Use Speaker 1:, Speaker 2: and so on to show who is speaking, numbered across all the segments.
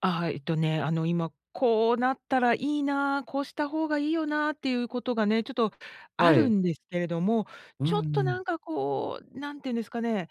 Speaker 1: あ、はい、えっとね、あの、今、「こうなったらいいな」、「こうした方がいいよな」っていうことがね、ちょっとあ
Speaker 2: は
Speaker 1: る
Speaker 2: い。
Speaker 1: んですけれども、
Speaker 2: うんう
Speaker 1: ちょっとな
Speaker 2: ん。
Speaker 1: んかこう、なんて言うんですかね、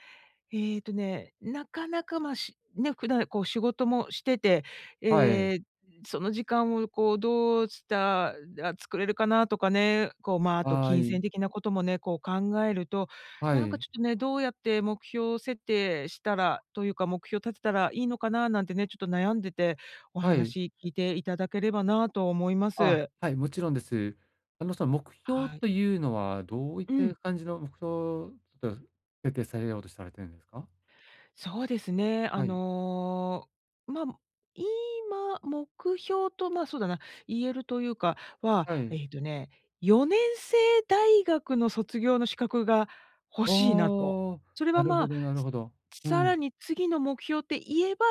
Speaker 1: えっとね、なかなか、ま、しね、普段、こう、仕事もしてて、
Speaker 2: はい。
Speaker 1: ええ、その時間を、こう、どうしたら作れるかなとかね、こう、ま、あと
Speaker 2: は
Speaker 1: 金
Speaker 2: い。
Speaker 1: 銭的なこともね、こう、考えると、
Speaker 2: は
Speaker 1: なんか
Speaker 2: い。
Speaker 1: ちょっとね、どうやって目標設定したら、というか目標立てたらいいのかななんてね、ちょっと悩んでて、お
Speaker 2: はい。
Speaker 1: 話聞いていただければなと思いま
Speaker 2: あ、
Speaker 1: す。
Speaker 2: はい、もちろんです。あの、その目標
Speaker 1: はい。
Speaker 2: というのはどういっ
Speaker 1: う
Speaker 2: た
Speaker 1: ん。
Speaker 2: 感じの目標、ちょっと設定されようとされてんですか？
Speaker 1: そうですね、あ
Speaker 2: はい。
Speaker 1: の、ま、む今、目標と、まあ、そうだな、言えるというかは、
Speaker 2: はい。
Speaker 1: えっとね、4年制大学の卒業の資格が欲
Speaker 2: あ
Speaker 1: しいなと。
Speaker 2: あ。
Speaker 1: それ
Speaker 2: な
Speaker 1: は、
Speaker 2: る
Speaker 1: ま
Speaker 2: ほ
Speaker 1: あ、
Speaker 2: どなるほど。
Speaker 1: つ
Speaker 2: う
Speaker 1: さら
Speaker 2: ん。
Speaker 1: に次の目標って言えば、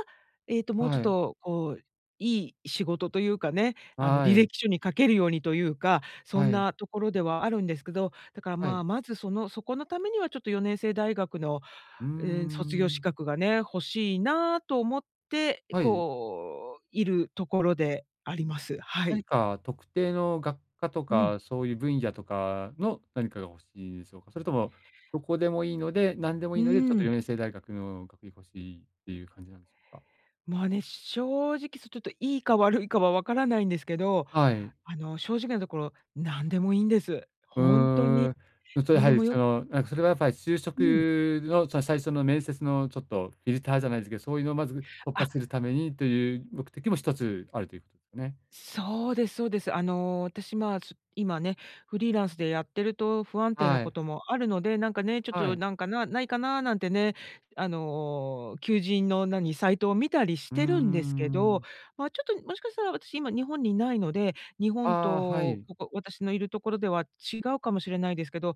Speaker 1: えっともうちょ
Speaker 2: は
Speaker 1: っ
Speaker 2: い。
Speaker 1: と、こう、いい仕事というかね、
Speaker 2: あ、
Speaker 1: あの、
Speaker 2: は
Speaker 1: 履
Speaker 2: い。
Speaker 1: 歴書に書けるようにというか、そ
Speaker 2: は
Speaker 1: ん
Speaker 2: い。
Speaker 1: なところではあるんですけど、だから、
Speaker 2: は
Speaker 1: ま
Speaker 2: い。
Speaker 1: あ、まず、その、そこのためにはちょっと4年制大学の、
Speaker 2: うー
Speaker 1: うーん、卒業資
Speaker 2: ん。
Speaker 1: 格がね、欲しいなと思って、
Speaker 2: はい。
Speaker 1: こう、いるところであります。は
Speaker 2: 何
Speaker 1: い。
Speaker 2: か特定の学科と
Speaker 1: うん。
Speaker 2: か、そういう分野とかの何かが欲しいでしょうか？それともどこでもいいので、何でもい
Speaker 1: う
Speaker 2: いので、ちょっ
Speaker 1: ー
Speaker 2: と、よ
Speaker 1: ん。
Speaker 2: ねんせい大学の学位欲しいっていう感じなんですか？
Speaker 1: まあね、正直そちょっといいか悪いかはわからないんですけど、
Speaker 2: はい。
Speaker 1: あの、正直なところ、なんでもいいんです。
Speaker 2: う
Speaker 1: ほんと
Speaker 2: ー
Speaker 1: に、
Speaker 2: ん。うと、や
Speaker 1: なん
Speaker 2: は
Speaker 1: で
Speaker 2: り、
Speaker 1: も
Speaker 2: そ
Speaker 1: よく
Speaker 2: の、なんかそれはやっぱり就職
Speaker 1: うん。
Speaker 2: の、その、最初の面接のちょっとフィルターじゃないですけそういうのまず突破
Speaker 1: あ。
Speaker 2: するためにという目的も一つあるというね。
Speaker 1: そうですそうです。あの、私まあ、ちょ、今ね、フリーランスでやってると不安定な
Speaker 2: は
Speaker 1: こ
Speaker 2: い。
Speaker 1: ともあるので、なんかね、ちょっ
Speaker 2: は
Speaker 1: と
Speaker 2: い。
Speaker 1: なんか、なないかななんてね、あの、求人の、何、サイトを見たりし
Speaker 2: うーん、
Speaker 1: てるんですけ
Speaker 2: う
Speaker 1: ど、
Speaker 2: ん。
Speaker 1: ま、ちょっともしかしたら私今日本にいないので、日本
Speaker 2: ああ、は
Speaker 1: と、
Speaker 2: い。
Speaker 1: ここ、私の居るところでは違うかもしれないですけど、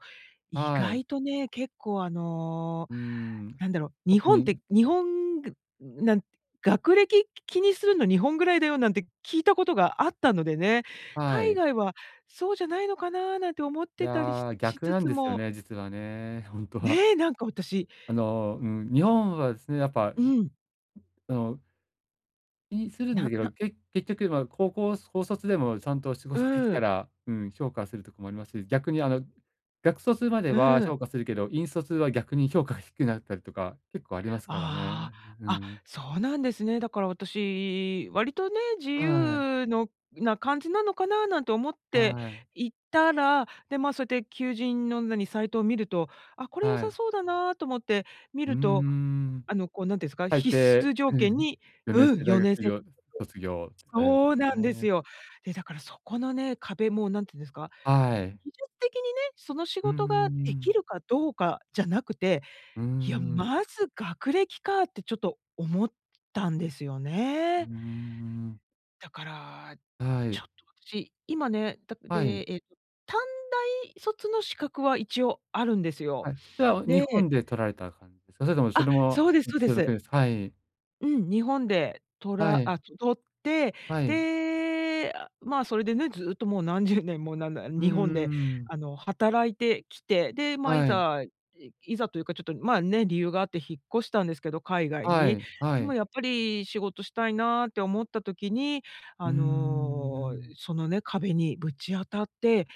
Speaker 1: 意
Speaker 2: はい。
Speaker 1: 外とね、結構、あの、
Speaker 2: うーん。
Speaker 1: なんだろう、日
Speaker 2: 特
Speaker 1: 本っ
Speaker 2: に
Speaker 1: て、日本ぐなん、学歴気にするの日本ぐらいだよなんて聞いたことがあったのでね、
Speaker 2: は
Speaker 1: 海
Speaker 2: い。
Speaker 1: 外はそうじゃないのかななんて思っ
Speaker 2: い
Speaker 1: てたりし
Speaker 2: や、
Speaker 1: し
Speaker 2: 逆
Speaker 1: つ
Speaker 2: なん
Speaker 1: つ
Speaker 2: ですよ
Speaker 1: も
Speaker 2: ね、実はね。ほんとは。
Speaker 1: ねえ、なんか私
Speaker 2: あの、
Speaker 1: う。
Speaker 2: うん、日本はすね、やっぱ、う
Speaker 1: うん。
Speaker 2: その気にするんだ
Speaker 1: な、
Speaker 2: けど、
Speaker 1: な。
Speaker 2: け結局、まあ、高校高卒でもちゃんと仕
Speaker 1: う
Speaker 2: 事でき
Speaker 1: ー
Speaker 2: た
Speaker 1: ん。
Speaker 2: ら、うん、評価するとこもありますし、逆に、あの、学卒まで
Speaker 1: う
Speaker 2: は
Speaker 1: ん。
Speaker 2: 評価するけど、院卒は逆に評価が低くなったりとか、結構ありますからね。
Speaker 1: ああ。
Speaker 2: う、ふふ
Speaker 1: あ、
Speaker 2: ん。
Speaker 1: そうなんですね。だから私、割とね、自
Speaker 2: はい。
Speaker 1: 由のな感じなのかななんて思って
Speaker 2: はい。
Speaker 1: いたら、で、ま、そうやって求人の、何、サイトを見ると、あ、これ良
Speaker 2: は
Speaker 1: さ
Speaker 2: い。
Speaker 1: そうだなと思って見
Speaker 2: うー
Speaker 1: ると、
Speaker 2: ん。
Speaker 1: あの、こう、なんてんすか、
Speaker 2: 大
Speaker 1: 必
Speaker 2: 抵、
Speaker 1: 須条
Speaker 2: う
Speaker 1: 件
Speaker 2: ん、
Speaker 1: に、
Speaker 2: よねん
Speaker 1: う
Speaker 2: せ
Speaker 1: ん、
Speaker 2: い大
Speaker 1: よ
Speaker 2: 学
Speaker 1: ねん
Speaker 2: 以
Speaker 1: せい
Speaker 2: 上卒業
Speaker 1: [unintelligible]
Speaker 2: あるんす
Speaker 1: そうなんです
Speaker 2: ね。
Speaker 1: よ。で、だからそこのね、壁も、なんてんですか、
Speaker 2: は
Speaker 1: 技
Speaker 2: い。
Speaker 1: 術的にね、その仕
Speaker 2: うんうん、
Speaker 1: 事
Speaker 2: う
Speaker 1: が
Speaker 2: ー
Speaker 1: でき
Speaker 2: ん。
Speaker 1: るかどうかじゃなくて、
Speaker 2: うー
Speaker 1: いや、
Speaker 2: ん。
Speaker 1: まず学歴かってちょっと思ったんですよ
Speaker 2: うー
Speaker 1: ね。
Speaker 2: ん。
Speaker 1: だから、
Speaker 2: は
Speaker 1: ち
Speaker 2: い。
Speaker 1: ょっと私、今ね、だっ
Speaker 2: はい。
Speaker 1: てえっと短大卒の資格は一応あるんですよ。
Speaker 2: はい、それは、日
Speaker 1: で
Speaker 2: 本で取られた感じお、それともそ
Speaker 1: あ、
Speaker 2: れも、
Speaker 1: そうです
Speaker 2: う、
Speaker 1: そうで
Speaker 2: それだけ
Speaker 1: す。
Speaker 2: ですはい。
Speaker 1: うん、日本でとら
Speaker 2: はい。
Speaker 1: あ、と取って、
Speaker 2: はい。
Speaker 1: で、ま、それでね、ずっともう何十年もなんだ
Speaker 2: うん
Speaker 1: 日
Speaker 2: う
Speaker 1: 本で
Speaker 2: んうん。
Speaker 1: あの働いてきて、で、ま、い
Speaker 2: はい。
Speaker 1: ざ、いいざというかちょっと、ま、ね、理由があって引っ越したんですけど、海外
Speaker 2: は
Speaker 1: に。
Speaker 2: いは
Speaker 1: でも
Speaker 2: い。
Speaker 1: やっぱり、仕事したいなって思った時に、
Speaker 2: うー
Speaker 1: あの、
Speaker 2: ん。
Speaker 1: そのね、壁にぶち当たって、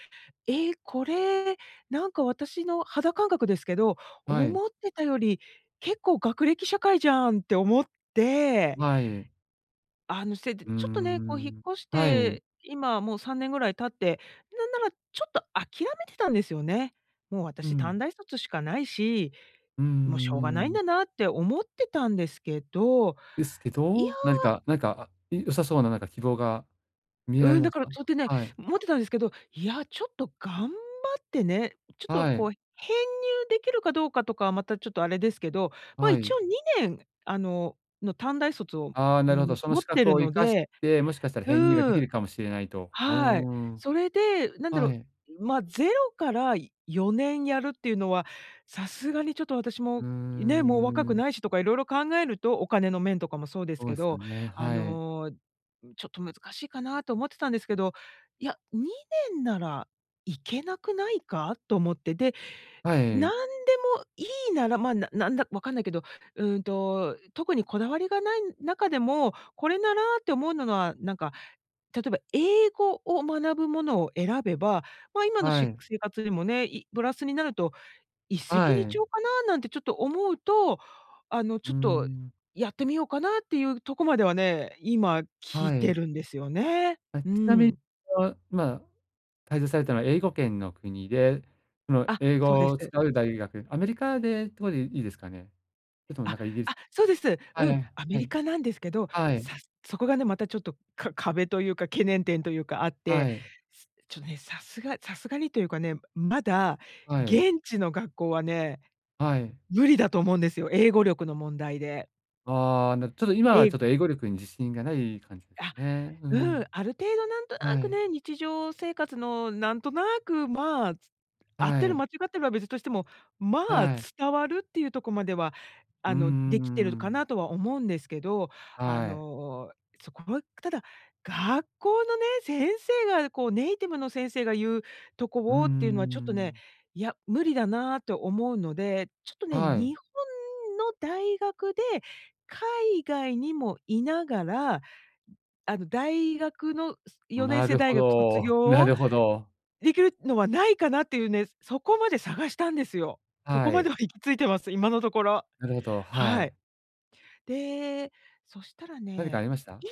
Speaker 1: え、これ、なんか私の肌感覚ですけど
Speaker 2: はい。
Speaker 1: 「思ってたより結構学歴社会じゃん」って思って、
Speaker 2: はい。
Speaker 1: あのせで、
Speaker 2: うー
Speaker 1: ちょっとね、こう引っ
Speaker 2: ん、
Speaker 1: 越し
Speaker 2: はい。
Speaker 1: て、今もう3年ぐらい経って、なんならちょっと諦めてたんですよね。もう
Speaker 2: う
Speaker 1: 私
Speaker 2: ん。
Speaker 1: 短大卒しかないし、
Speaker 2: うん
Speaker 1: もうしょう
Speaker 2: うん
Speaker 1: が
Speaker 2: う
Speaker 1: ないん
Speaker 2: ん。
Speaker 1: だなって思ってたんですけど、
Speaker 2: ですけ
Speaker 1: いや
Speaker 2: ど何かなんか、え良さそうななんか希望が見えら
Speaker 1: う
Speaker 2: れ
Speaker 1: ん、だ
Speaker 2: ます
Speaker 1: から
Speaker 2: か
Speaker 1: そうってね、
Speaker 2: はい。
Speaker 1: 思ってたんですけど、いや、ちょっと頑張ってね、ちょっと
Speaker 2: はい。
Speaker 1: こう編入できるかどうかとかはまたちょっとあれですけど、ま、
Speaker 2: は
Speaker 1: 一
Speaker 2: い。
Speaker 1: 応2年あの、の短大卒を、
Speaker 2: ああ、
Speaker 1: うー
Speaker 2: なるほど。
Speaker 1: ん、
Speaker 2: その
Speaker 1: 持っ
Speaker 2: 資
Speaker 1: て
Speaker 2: 格
Speaker 1: る
Speaker 2: を生
Speaker 1: の
Speaker 2: かし
Speaker 1: で
Speaker 2: て、もしかしたら
Speaker 1: う
Speaker 2: 編入がで
Speaker 1: ー
Speaker 2: き
Speaker 1: ん。
Speaker 2: るかもしれないと。うー
Speaker 1: はい。
Speaker 2: ん。
Speaker 1: それで、なんだ
Speaker 2: は
Speaker 1: ろ
Speaker 2: い。
Speaker 1: う、まゼロから4年やるっていうのは、さすがにちょっと私
Speaker 2: うー
Speaker 1: も、
Speaker 2: ん、
Speaker 1: ね、もう若く
Speaker 2: うん。
Speaker 1: ないしとか色々考えると、お金の面とかもそうで
Speaker 2: そ
Speaker 1: す
Speaker 2: う
Speaker 1: け
Speaker 2: ですよ
Speaker 1: ど、
Speaker 2: ね、
Speaker 1: あ
Speaker 2: はい。
Speaker 1: の、ちょっと難しいかなと思ってたんですけど、いや、2年なら行けなくないかと思って、で、
Speaker 2: は
Speaker 1: 何
Speaker 2: い。
Speaker 1: でもいいなら、ま、ななんだ、分かんないけど、うーんと、特にこだわりがない中でも、これならって思うのは、なんか、例えば英語を学ぶものを選べば、まあ今の
Speaker 2: は
Speaker 1: し
Speaker 2: い。
Speaker 1: 生活でもね、いプラスになると、一石
Speaker 2: は
Speaker 1: 二
Speaker 2: い。
Speaker 1: 鳥かななんてちょっと思うと、あの
Speaker 2: う
Speaker 1: ち
Speaker 2: ー
Speaker 1: ょっと
Speaker 2: ん。
Speaker 1: やってみようかなっていうとこまではね、今来
Speaker 2: は
Speaker 1: て
Speaker 2: い。
Speaker 1: るんですよね。
Speaker 2: あ、
Speaker 1: う
Speaker 2: ちなみに、
Speaker 1: ん。
Speaker 2: あの、まあ滞在されたのは英語圏の国で、その
Speaker 1: あ、
Speaker 2: 英
Speaker 1: そう
Speaker 2: 語
Speaker 1: で
Speaker 2: を
Speaker 1: す。
Speaker 2: 使う大学、アメリカでってこでいいですかね？それともな
Speaker 1: あ
Speaker 2: んかイギリス
Speaker 1: あ、そうです。
Speaker 2: はい
Speaker 1: う
Speaker 2: は
Speaker 1: ん、
Speaker 2: い、
Speaker 1: ア
Speaker 2: は
Speaker 1: メリ
Speaker 2: い。
Speaker 1: カなんですけど、
Speaker 2: はい。
Speaker 1: さそこがね、またちょっとか壁というか懸念点というかあっ
Speaker 2: は
Speaker 1: て、
Speaker 2: い。
Speaker 1: すちょね、さすがさすがにというかね、まだ
Speaker 2: はい。
Speaker 1: 現地の学校はね、
Speaker 2: はい。
Speaker 1: 無理だと思うんですよ、英語力の問題で。
Speaker 2: ああ、なちょっと今はち
Speaker 1: え
Speaker 2: ょっと英語力に自信がない感じですか
Speaker 1: あ、
Speaker 2: ねう
Speaker 1: うん、
Speaker 2: ん。
Speaker 1: ある程度なんとな
Speaker 2: は
Speaker 1: く
Speaker 2: い。
Speaker 1: ね、日常生活のなんとなく、まあ合っ
Speaker 2: は
Speaker 1: てる
Speaker 2: い。
Speaker 1: 間違ってるは別としても、まあ、
Speaker 2: はい。
Speaker 1: 伝わるっていうとこまでは、
Speaker 2: う
Speaker 1: あ
Speaker 2: ん
Speaker 1: の
Speaker 2: うん
Speaker 1: できてる
Speaker 2: う
Speaker 1: か
Speaker 2: ん。
Speaker 1: なとは思うんですけど、あ
Speaker 2: はい。
Speaker 1: の、そこはただ、学校のね、先生がこうネイティブの先生が言うと
Speaker 2: うんう
Speaker 1: こをっていうのは
Speaker 2: んう
Speaker 1: ちょっとね、
Speaker 2: ん。
Speaker 1: いや、無理だなと思うので、ちょっとね、
Speaker 2: はい。
Speaker 1: 日本の大学で、海外にもいながら、あの大学の四年
Speaker 2: な
Speaker 1: 制
Speaker 2: るほ
Speaker 1: 大学卒
Speaker 2: ど。
Speaker 1: 業
Speaker 2: な
Speaker 1: を
Speaker 2: るほど。
Speaker 1: できるのはないかなっていうね、そこまで探したんですよ。そこ
Speaker 2: は
Speaker 1: まで
Speaker 2: い。
Speaker 1: は行き着いてます、今のところ。
Speaker 2: なるほど、は
Speaker 1: はい。
Speaker 2: い。
Speaker 1: で、そしたら
Speaker 2: 何かあ
Speaker 1: ね、
Speaker 2: りました？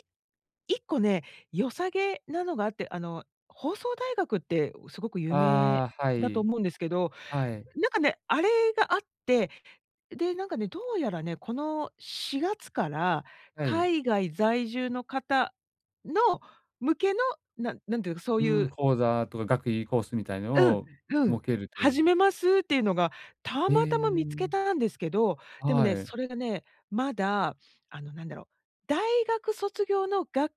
Speaker 1: い1個ね、良さげなのがあって、あの、放送大学ってすごく有名
Speaker 2: ああ、は
Speaker 1: だと
Speaker 2: い。
Speaker 1: 思うんですけど、
Speaker 2: はい。
Speaker 1: なんかね、あれがあって、で、なんかね、どうやらね、この4月から、
Speaker 2: はい。
Speaker 1: 海外在住の方の、向けの、ななんていうか、そう
Speaker 2: う
Speaker 1: い
Speaker 2: ん、
Speaker 1: う
Speaker 2: 講座とか学位コースみたいな
Speaker 1: うん
Speaker 2: のを
Speaker 1: うん、
Speaker 2: 設けるという
Speaker 1: 始めますっていうのが、た
Speaker 2: え
Speaker 1: またま見つけ
Speaker 2: え。
Speaker 1: たんですけど、でも
Speaker 2: は
Speaker 1: ね、
Speaker 2: い。
Speaker 1: それがね、まだ、あのなんだろう、大学卒業のが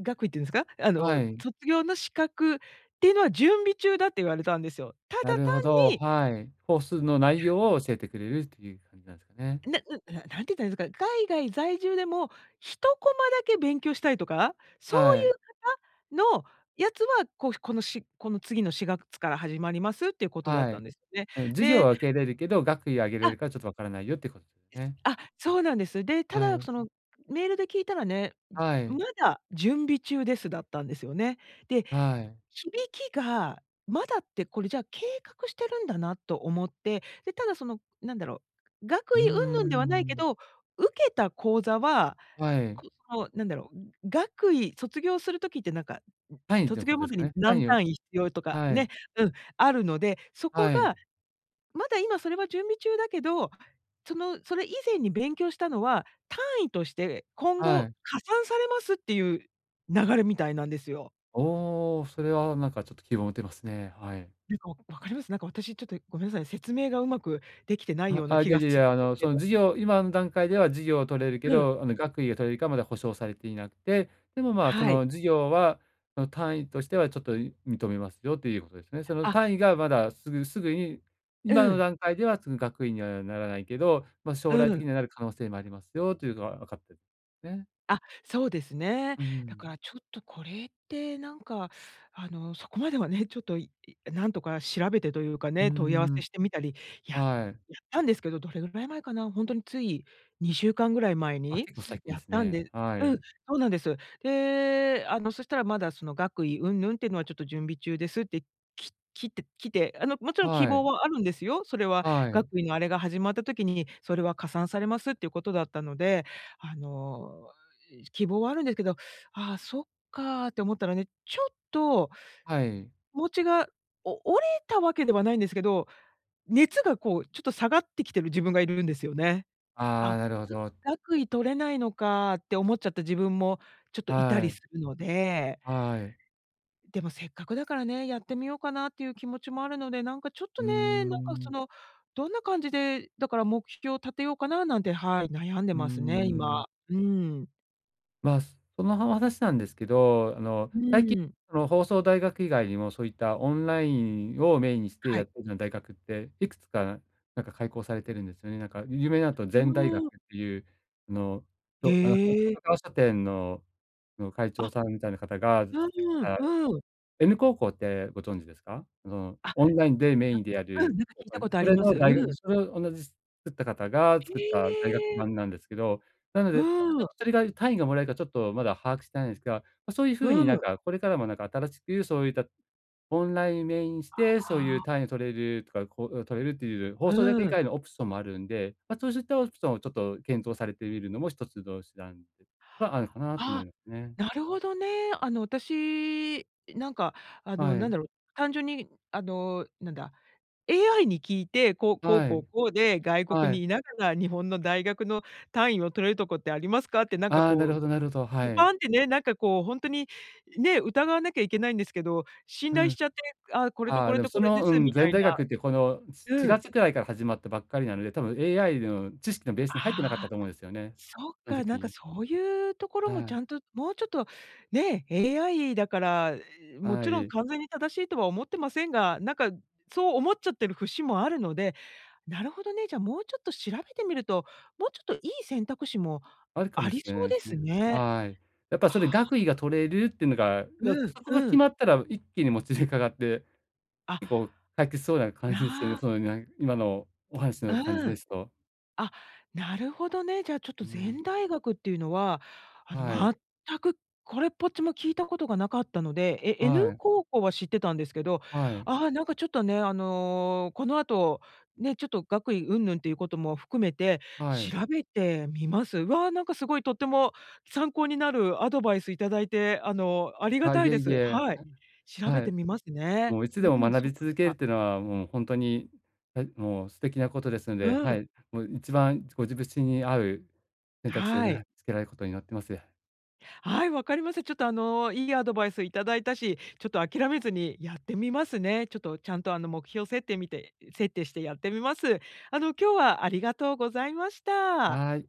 Speaker 1: 学位っていうんですか、あ
Speaker 2: は
Speaker 1: の
Speaker 2: い。
Speaker 1: 卒業の資格っていうのは準備中だって言われたんですよ。ただ
Speaker 2: な
Speaker 1: 単
Speaker 2: るほど、
Speaker 1: に
Speaker 2: はい。コースの内 容を教えてくれるっていう感じなんですかね。
Speaker 1: ななななんて言ったらいんすか、海外在住でも、1コマだけ勉強したいとか、そう
Speaker 2: はい。
Speaker 1: いう方の、やつは、こう、このしこの次の4月から始まりますっていうことだっ
Speaker 2: は
Speaker 1: たん
Speaker 2: い、
Speaker 1: ですよね。
Speaker 2: あ、授業
Speaker 1: で
Speaker 2: は受け入れるけど、学位をあげれ
Speaker 1: あ
Speaker 2: るかちょっとわからないよっていうこ
Speaker 1: です
Speaker 2: ね。
Speaker 1: あ、そうなんです。で、た
Speaker 2: は
Speaker 1: だ
Speaker 2: い。
Speaker 1: そのメールで聞いたらね、
Speaker 2: は
Speaker 1: ま
Speaker 2: い。
Speaker 1: だ準備中です、だったんですよね。で、
Speaker 2: はい。
Speaker 1: 響きが、まだってこれじゃあ計画してるんだなと思って、で、ただそのなんだろう、
Speaker 2: う
Speaker 1: 学
Speaker 2: ん
Speaker 1: 位
Speaker 2: う
Speaker 1: 云
Speaker 2: んう
Speaker 1: 々ではないけ
Speaker 2: ん。
Speaker 1: ど、受けた講座は、
Speaker 2: はい。
Speaker 1: くの、なんだろう、学位卒業する時ってなんか、
Speaker 2: 単位という
Speaker 1: 卒
Speaker 2: こ
Speaker 1: 業
Speaker 2: とで
Speaker 1: ま
Speaker 2: す
Speaker 1: で
Speaker 2: か
Speaker 1: に
Speaker 2: ね。単
Speaker 1: 何
Speaker 2: 位を
Speaker 1: 単位必要とか
Speaker 2: は
Speaker 1: ね、
Speaker 2: い。
Speaker 1: うん、あるので、そこ
Speaker 2: はい。
Speaker 1: が、まだ今それは準備中だけど、その、それ以前に勉強したのは、単位として今
Speaker 2: は
Speaker 1: 後
Speaker 2: い。
Speaker 1: 加算されますっていう流れみたいなんですよ。
Speaker 2: おお、それはなんかちょっと希望持てますね。はい。
Speaker 1: なんかわかります？なんか私ちょっとごめんなさい、説明がうまくできてない
Speaker 2: あ
Speaker 1: よう
Speaker 2: あ
Speaker 1: な
Speaker 2: あ、い
Speaker 1: 気
Speaker 2: や
Speaker 1: が
Speaker 2: い
Speaker 1: す
Speaker 2: やい
Speaker 1: るん
Speaker 2: や。
Speaker 1: で
Speaker 2: あ
Speaker 1: す
Speaker 2: の
Speaker 1: け
Speaker 2: その
Speaker 1: ど。
Speaker 2: 授業今の段階では授業を取れるけ
Speaker 1: うん。
Speaker 2: ど、あの学位が取れるかまだ保証されていなくて、でもまあそ
Speaker 1: はい。
Speaker 2: の授業はその単位としてはちょっと認めますよということですね。その
Speaker 1: あ
Speaker 2: 単位がまだすぐすぐに今
Speaker 1: う
Speaker 2: の
Speaker 1: ん。
Speaker 2: 段階ではその学位にはならないけど、ま、将
Speaker 1: う
Speaker 2: 来的
Speaker 1: ん。
Speaker 2: にはなる可能性もありますよというのはわかってね。
Speaker 1: あ、そうですね。
Speaker 2: うー
Speaker 1: だ
Speaker 2: ん。
Speaker 1: からちょっとこれってなんか、あのそこまではね、ちょっとなんとか調べてというか
Speaker 2: うー
Speaker 1: ね、問い合わせ
Speaker 2: ん。
Speaker 1: してみたり、ややっ
Speaker 2: はい。
Speaker 1: たんですけど、どれぐらい前かな、ほんとについ2週間ぐらい前
Speaker 2: あ、
Speaker 1: に
Speaker 2: 結構最近で
Speaker 1: やっ
Speaker 2: す
Speaker 1: たん
Speaker 2: ね。
Speaker 1: で
Speaker 2: は
Speaker 1: うん、
Speaker 2: い。
Speaker 1: そうなんです。で、あのそしたら、まだその学位云々ってのはちょっと準備中ですって、ききてきて、あのもちろん希
Speaker 2: はい。
Speaker 1: 望はあるんですよ、それは
Speaker 2: はい。
Speaker 1: 学位のあれが始まった時に、それは加算されますっていうことだったので、あの希望はあるんですけど、ああ、そっかって思ったらね、ちょっと、
Speaker 2: はい。
Speaker 1: 気持ちがお折れたわけではないんですけど、熱がこうちょっと下がってきてる自分がいるんですよね。
Speaker 2: ああ、
Speaker 1: あ、
Speaker 2: なるほ ど。
Speaker 1: 学位取れないのかって思っちゃった自分もちょっといた
Speaker 2: は
Speaker 1: り
Speaker 2: い。
Speaker 1: するので
Speaker 2: はい。
Speaker 1: でもせっかくだからね、やってみようかなっていう気持ちもあるので、なんかちょっ
Speaker 2: う
Speaker 1: と
Speaker 2: ー
Speaker 1: ね、なんかそ
Speaker 2: ん。
Speaker 1: のどんな感じで、だから目標立てようかななんて、はい、悩んで
Speaker 2: うー
Speaker 1: ますね、
Speaker 2: ん。
Speaker 1: 今。うーん。
Speaker 2: ま、そもそもな話なんですけど、あの、
Speaker 1: う
Speaker 2: 最近
Speaker 1: ーん。
Speaker 2: の放送大学以外にもそういったオンラインをメインにして
Speaker 1: は
Speaker 2: やっ
Speaker 1: い。
Speaker 2: てるような大学って、いくつかなんか開校されているんですよね。なんか、有名なんだと
Speaker 1: う
Speaker 2: ZEN 大
Speaker 1: ー
Speaker 2: 学っ
Speaker 1: ん。
Speaker 2: ていう、あの、そう、角
Speaker 1: へえ。
Speaker 2: 川書店の、あの、会長
Speaker 1: あ。
Speaker 2: さんみたいな方が作
Speaker 1: う
Speaker 2: っ
Speaker 1: ん
Speaker 2: た
Speaker 1: うん。
Speaker 2: N 高校ってご存知ですか？その、
Speaker 1: あ、
Speaker 2: オンラインでメインでや
Speaker 1: うう
Speaker 2: る、
Speaker 1: ん、なんか聞いたこ とあ
Speaker 2: そ
Speaker 1: り
Speaker 2: れ
Speaker 1: ま
Speaker 2: の
Speaker 1: す。う
Speaker 2: 大学。
Speaker 1: ん。
Speaker 2: それを同じ作った方が
Speaker 1: へ
Speaker 2: 作った大学
Speaker 1: え。
Speaker 2: 版なんですけど。なので、ちょっ
Speaker 1: う
Speaker 2: と
Speaker 1: ん。
Speaker 2: それが単位がもらえるかちょっとまだ把握してないんですが、ま、そういう風
Speaker 1: う
Speaker 2: になん
Speaker 1: ん。
Speaker 2: か、これからもなんか、新しくそういった、オンラインメインして、
Speaker 1: あ
Speaker 2: そういう
Speaker 1: あ。
Speaker 2: 単位を取れるとか、講座取れるという放送大学
Speaker 1: う
Speaker 2: 以
Speaker 1: ん。
Speaker 2: 外のオプションもあるんで、ま、そうしたオプションをちょっと検討されてみるのも一つの手段ではあるのかなと思
Speaker 1: あ、
Speaker 2: いますね。
Speaker 1: なるほどね。あの、私、なんかあ
Speaker 2: は
Speaker 1: の、なん
Speaker 2: い。
Speaker 1: だろう、単純に、あの、なんだ、AI に聞いて、こう、こう
Speaker 2: は
Speaker 1: こ
Speaker 2: い。
Speaker 1: うこうで、外国
Speaker 2: はい。
Speaker 1: に居ながら日本の大学の単位を取れるとこってありますか？ってなんか
Speaker 2: ああ、なる
Speaker 1: こ
Speaker 2: ほどなるほど。は
Speaker 1: う、
Speaker 2: い。
Speaker 1: パンってね、なんかこうほんとに、ね、疑わなきゃいけないんですけど、信
Speaker 2: う
Speaker 1: 頼
Speaker 2: ん。
Speaker 1: しちゃって、あ、これと
Speaker 2: あ
Speaker 1: こ
Speaker 2: あ、で
Speaker 1: れ
Speaker 2: も
Speaker 1: と
Speaker 2: そ
Speaker 1: これで
Speaker 2: の、う
Speaker 1: す
Speaker 2: ん、
Speaker 1: みた
Speaker 2: ZEN
Speaker 1: い
Speaker 2: 大
Speaker 1: な。
Speaker 2: 学って、このしし
Speaker 1: う
Speaker 2: が
Speaker 1: ん。
Speaker 2: つくらいから始まったばっかりなので、多分 AI の知識のベースに入ってなかった
Speaker 1: ああ。
Speaker 2: と思うんですよね。
Speaker 1: そっ
Speaker 2: そん
Speaker 1: か、なんか
Speaker 2: 時。
Speaker 1: そういうところ
Speaker 2: は
Speaker 1: もち
Speaker 2: い。
Speaker 1: ゃんと、もうちょっと、ね、AI だから、も
Speaker 2: は
Speaker 1: ちろん
Speaker 2: ーい。
Speaker 1: 完全に正しいとは思ってませんが、なんか、そう思っちゃってる節もあるので。なるほどね、じゃあもうちょっと調べてみると、もうちょっといい選択肢も
Speaker 2: あるか
Speaker 1: あ
Speaker 2: も
Speaker 1: り
Speaker 2: しれな
Speaker 1: そ
Speaker 2: い
Speaker 1: う
Speaker 2: です
Speaker 1: です
Speaker 2: ね。
Speaker 1: ね。
Speaker 2: はい。やっぱそれ、
Speaker 1: ああ。
Speaker 2: 学位が取れるってのが、
Speaker 1: うん。
Speaker 2: そこが
Speaker 1: う
Speaker 2: 決
Speaker 1: ん。
Speaker 2: まったら一気にもつれかかって、
Speaker 1: あ。
Speaker 2: 結構、解決しそうな感じですよね。
Speaker 1: な
Speaker 2: その、なん今のお話の感じ
Speaker 1: うん。
Speaker 2: ですと。
Speaker 1: あ、なるほどね。じゃあちょっ
Speaker 2: う
Speaker 1: と、
Speaker 2: ん。
Speaker 1: ZEN 大学っていうのは、あの、
Speaker 2: はい。
Speaker 1: 全くこれっぽっちも聞いたことがなかったので、え N
Speaker 2: はい。
Speaker 1: 高校は知ってたんですけど、
Speaker 2: はい。
Speaker 1: あ、なんかちょっとね、あの、この後、ね、ちょっと学位云々っていうことも含めて、
Speaker 2: はい。
Speaker 1: 調べてみます。わ、なんかすごいとっても参考になるアドバイスいただいて、あの、ありが
Speaker 2: あ、
Speaker 1: た
Speaker 2: い
Speaker 1: い
Speaker 2: え
Speaker 1: で
Speaker 2: い
Speaker 1: す。
Speaker 2: え。
Speaker 1: はい。調べ
Speaker 2: は
Speaker 1: て
Speaker 2: い。
Speaker 1: みますね。
Speaker 2: もういつ
Speaker 1: う
Speaker 2: でも
Speaker 1: ん、
Speaker 2: 学
Speaker 1: そっ
Speaker 2: び続ける
Speaker 1: か。
Speaker 2: ってのは、うん、ほんとに、えもう素敵なことですの
Speaker 1: う
Speaker 2: で、は
Speaker 1: ん。
Speaker 2: い、もう一番、ご自身に合う選択肢を
Speaker 1: は
Speaker 2: ね、
Speaker 1: い。
Speaker 2: 見つけられることを祈ってます。
Speaker 1: はい、分かりました。ちょっとあの、いいアドバイス頂いたし、ちょっと諦めずにやってみますね。ちょっと、ちゃんとあの、目標設定みて設定してやってみます。あの、今日はありがとうございました。
Speaker 2: はい。